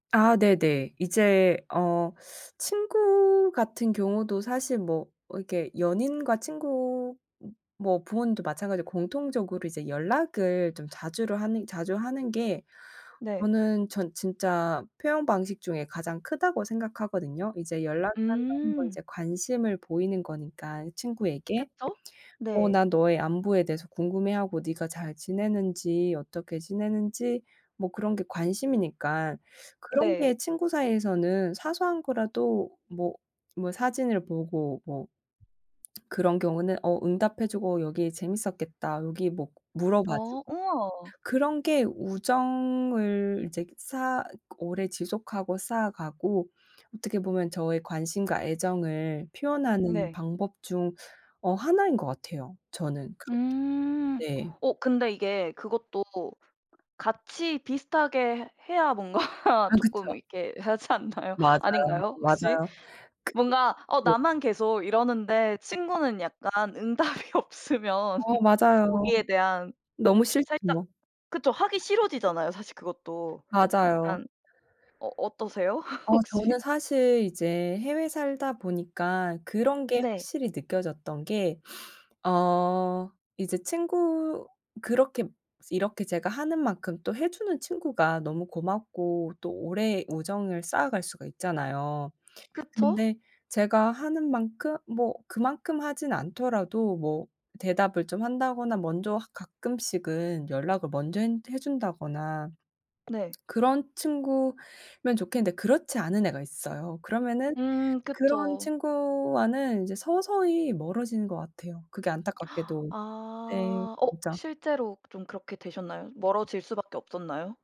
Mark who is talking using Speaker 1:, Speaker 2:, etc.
Speaker 1: 아 네네. 이제 어 친구 같은 경우도 사실 뭐 이렇게 연인과 친구 뭐 부모님도 마찬가지로 공통적으로 이제 연락을 좀 자주를 하는 자주 하는 게
Speaker 2: 네.
Speaker 1: 저는 전 진짜 표현 방식 중에 가장 크다고 생각하거든요. 이제 연락을 한다는 건
Speaker 2: 음.
Speaker 1: 이제 관심을 보이는 거니까 친구에게.
Speaker 2: 그쵸.
Speaker 1: 어
Speaker 2: 네.
Speaker 1: "난 너의 안부에 대해서 궁금해하고 니가 잘 지내는지, 어떻게 지내는지..." 뭐 그런 게 관심이니까 그런
Speaker 2: 네.
Speaker 1: 게 친구 사이에서는 사소한 거라도 뭐, 뭐 사진을 보고 뭐 그런 경우는 어 응답해 주고 '여기 재밌었겠다.' 여기 뭐 물어봐
Speaker 2: 어
Speaker 1: 주고
Speaker 2: 우와.
Speaker 1: 그런 게 우정을 이제 쌓아 오래 지속하고 쌓아가고 어떻게 보면 저의 관심과 애정을 표현하는
Speaker 2: 네.
Speaker 1: 방법 중 어 하나인 것 같아요. 저는 그렇게
Speaker 2: 음.
Speaker 1: 네.
Speaker 2: 어 근데 이게 그것도 같이 비슷하게 해야 뭔가
Speaker 1: 아
Speaker 2: 쪼끔
Speaker 1: 그쵸.
Speaker 2: 이렇게 하지 않나요?
Speaker 1: 맞아요.
Speaker 2: 아닌가요, 혹시?
Speaker 1: 맞아요. 그
Speaker 2: 뭔가 어
Speaker 1: 네.
Speaker 2: 나만 계속 이러는데 친구는 약간 응답이 없으면
Speaker 1: 어 맞아요.
Speaker 2: 거기에 대한
Speaker 1: 너무 싫지
Speaker 2: 살짝
Speaker 1: 뭐.
Speaker 2: 그쵸 하기 싫어지잖아요, 사실 그것도
Speaker 1: 맞아요.
Speaker 2: 약간. 어 어떠세요?
Speaker 1: 어
Speaker 2: 혹시?
Speaker 1: 저는 사실 이제 해외 살다 보니까 그런 게
Speaker 2: 네.
Speaker 1: 확실히 느껴졌던 게 어 이제 친구 그렇게 이렇게 제가 하는 만큼 또 해주는 친구가 너무 고맙고 또 오래 우정을 쌓아갈 수가 있잖아요.
Speaker 2: 그쵸?
Speaker 1: 근데 제가 하는 만큼 뭐 그만큼 하진 않더라도 뭐 대답을 좀 한다거나 먼저 하 가끔씩은 연락을 먼저 핸 해 준다거나
Speaker 2: 네.
Speaker 1: 그런 친구면 좋겠는데 그렇지 않은 애가 있어요. 그러면은
Speaker 2: 음
Speaker 1: 그런
Speaker 2: 그쵸.
Speaker 1: 친구와는 이제 서서히 멀어지는 거 같아요, 그게 안타깝게도. 네
Speaker 2: 아 어
Speaker 1: 진짜.
Speaker 2: 실제로 좀 그렇게 되셨나요? 멀어질 수밖에 없었나요?